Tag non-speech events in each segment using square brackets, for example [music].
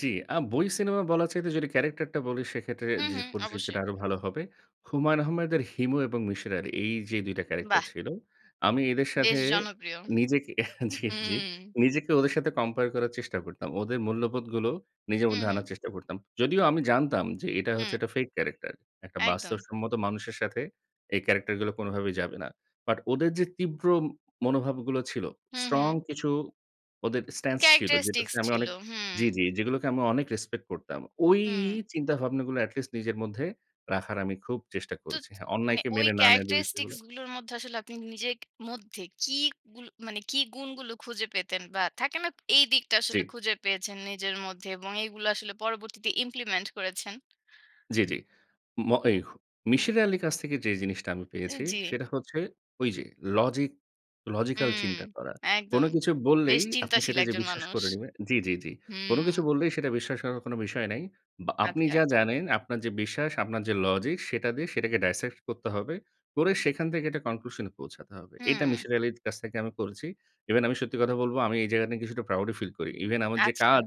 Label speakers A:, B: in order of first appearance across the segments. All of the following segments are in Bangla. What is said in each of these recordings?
A: জ্বি, আ বই সিনেমা বলার চাইতে যদি ক্যারাক্টার টা বলি, সেক্ষেত্রে
B: হুম,
A: যে,
B: হুম।
A: পরিচিতিটা
B: অবশ্যই।
A: আরো ভালো হবে। হুমায়ূন আহমেদের হিমু এবং মিসির আলি, এই যে, ২ টা ক্যারাক্টার
B: বাহ!
A: ছিল। আমি এদের সাথে
B: বেশ জনপ্রিয়।
A: নিজেকে [chuckles] জি, জি।
B: হুম।
A: নিজেকে ওদের সাথে কম্পেয়ার করার চেষ্টা করতাম। ওদের মূল্যবোধগুলো, নিজের
B: হু,
A: মধ্যে
B: হুম।
A: আনার চেষ্টা করতাম। যদিও আমি জানতাম যে, এটা হচ্ছে
B: হুম।
A: একটা ফেক ক্যারাক্টার। একটা
B: একদম।
A: বাস্তবসম্মত মানুষের সাথে এই ক্যারাক্টার গুলো কোনভাবেই যাবে না। বাট ওদের যে, তীব্র মনোভাবগুলো ছিল,
B: হু,
A: স্ট্রং
B: হুম।
A: কিছু ওদের স্ট্যান্স ছিল, যেটা
B: ক্যারাক্টারিস্টিক্স
A: তে আমি
B: ছিল।
A: অনেক জ্বি,
B: হুম।
A: জ্বি, যেগুলোকে আমি অনেক রেসপেক্ট করতাম। ওই
B: হুম।
A: চিন্তাভাবনাগুলো এটি লিস্ট নিজের মধ্যে রাখার আমি খুব চেষ্টা
B: তো
A: করেছি। হ্যাঁ,
B: মানে
A: অন্যায়কে
B: ওই
A: মেনে না নেয়া যে, বিষয়
B: ক্যারাক্টারিস্টিক্স
A: গুলো
B: গুলোর মধ্যে আসলে আপনি নিজের ক মধ্যে কি গুল মানে, কি গুণগুলো খুঁজে পেতেন বা থাকে না? এই দিকটা
A: জ্বী।
B: আসলে খুঁজে পেয়েছেন নিজের মধ্যে এবং এগুলো আসলে পরবর্তীতে ইমপ্লিমেন্ট করেছেন?
A: জ্বি, জ্বি। ম এই, মিসির আলির কাছ থেকে যে, জিনিসটা আমি
B: এ
A: পেয়েছি,
B: জ্বী।
A: সেটা হচ্ছে ওই যে, লজিক, লজিক্যাল
B: হুম।
A: চিন্তা করা। কোনো
B: একদম।
A: কিছু
B: বেশ
A: বললেই, আপনি
B: চিন্তাশীল
A: সেটা যে,
B: একজন
A: বিশ্বাস
B: মানুষ।
A: করে নিবেন জ্বি, জ্বি, জ্বি। কোনো কিছু
B: হুম।
A: বললেই সেটা বিশ্বাস করার কোনো বিষয় নাই। বা আপনি
B: আচ্ছা।
A: যা জানেন আপনার যে, বিশ্বাস, আপনার যে, লজিক, সেটা দিয়ে সেটাকে ডাইসেক্ট করতে হবে। করে সেখান থেকে একটা কনক্লুশন এ পৌঁছাতে হবে। এটা
B: হুম।
A: মিসির আলির কাছ থেকে আমি করেছি। ইভেন আমি সত্যি কথা বলবো, আমি এই জায়গাতে কিছুটা প্রাউড ও ফিল করি। ইভেন আমার যে,
B: আচ্ছা।
A: কাজ,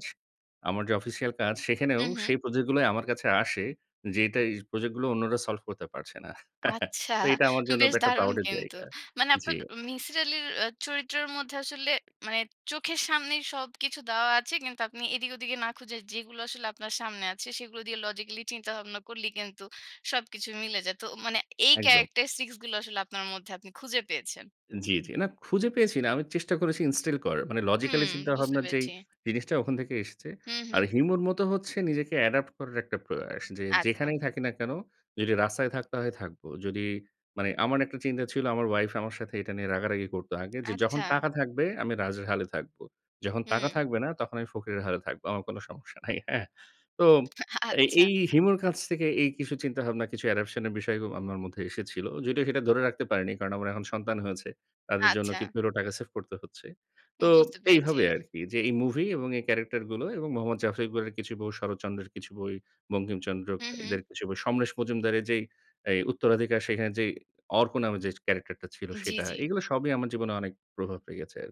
A: আমার যে, অফিসিয়াল কাজ, সেখানেও
B: হু, হুম।
A: সেই প্রজেক্ট গুলোই আমার কাছে আসে যে, এটা এই প্রজেক্ট গুলো অন্যরা সলভ করতে পারছে না। [chuckles]
B: আচ্ছা,
A: তো এটা আমার জন্য
B: বেশ
A: এটা একটা
B: দারুণ
A: প্রাউড এর
B: কিন্তু।
A: জায়গা
B: মানে
A: জী।
B: আপনার মিসির আলির এ চরিত্রের মধ্যে আসলে মানে, চোখের সামনেই সবকিছু দেওয়া আছে। কিন্তু আপনি এদিক ওদিকে না খুঁজে, যেগুলো আসলে আপনার সামনে আছে, সেগুলো দিয়ে লজিক্যালি চিন্তাভাবনা করলেই কিন্তু সবকিছু মিলে যায়। তো মানে এই
A: একদম।
B: ক্যারাক্টারিস্টিক্স গুলো আসলে আপনার মধ্যে আপনি খুঁজে পেয়েছেন।
A: জ্বী, জ্বী। না, খুঁজে পেয়েছি না। আমি চেষ্টা করেছি ইনস্টিল করার। মানে লজিক্যালি
B: হুম, বুঝতে
A: চিন্তাভাবনার যেই
B: পেরেছি।
A: জিনিসটা ওখান থেকে এসেছে।
B: হু,
A: আর
B: হুম।
A: হিউমার মত হচ্ছে নিজেকে অ্যাডপ্ট করার একটা প্রয়াস। যে,
B: আচ্ছা।
A: যেখানেই থাকি না কেন? যদি রাস্তায় থাকতে হয়, থাকব। যদি মানে আমার একটা চিন্তা ছিল, আমার ওয়াইফ আমার সাথে এটা নিয়ে রাগারাগি করত আগে যে, যখন
B: আচ্ছা।
A: টাকা থাকবে আমি রাজের হালে থাকব। যখন টাকা
B: হুম।
A: থাকবে না, তখন আমি ফকিরের হালে থাকব। আমার কোনও সমস্যা নাই। হ্যাঁ? তো এ
B: আচ্ছা।
A: এই হিমুর কাছ থেকে এই কিছু চিন্তাভাবনা, কিছু অ্যাডাপশন এর বিষয় আমার মধ্যে এসেছিল। যদিও সেটা ধরে রাখতে পারিনি, কারণ আমার এখন সন্তান হয়েছে। তাদের জন্য
B: আচ্ছা।
A: কিছু হলেও টাকা সেভ করতে হচ্ছে। তো
B: বুঝতে পেরেছি।
A: এইভাবে আরকি যে, এই মুভি এবং এই ক্যারেক্টার গুলো এবং মোহাম্মদ জাফর ইকবালের কিছু বই, শরৎচন্দ্রের কিছু বই, বঙ্কিমচন্দ্র
B: হু, হুম।
A: এদের কিছু বই, সমরেশ মজুমদারের যেই, এই উত্তরাধিকার সেখানে যেই অর্ক নামে যে, ক্যারাক্টার টা ছিল,
B: জ্বি,
A: সেটা;
B: জ্বি।
A: এগুলো সবই আমার জীবনে অনেক প্রভাব রেখেছে আরকি।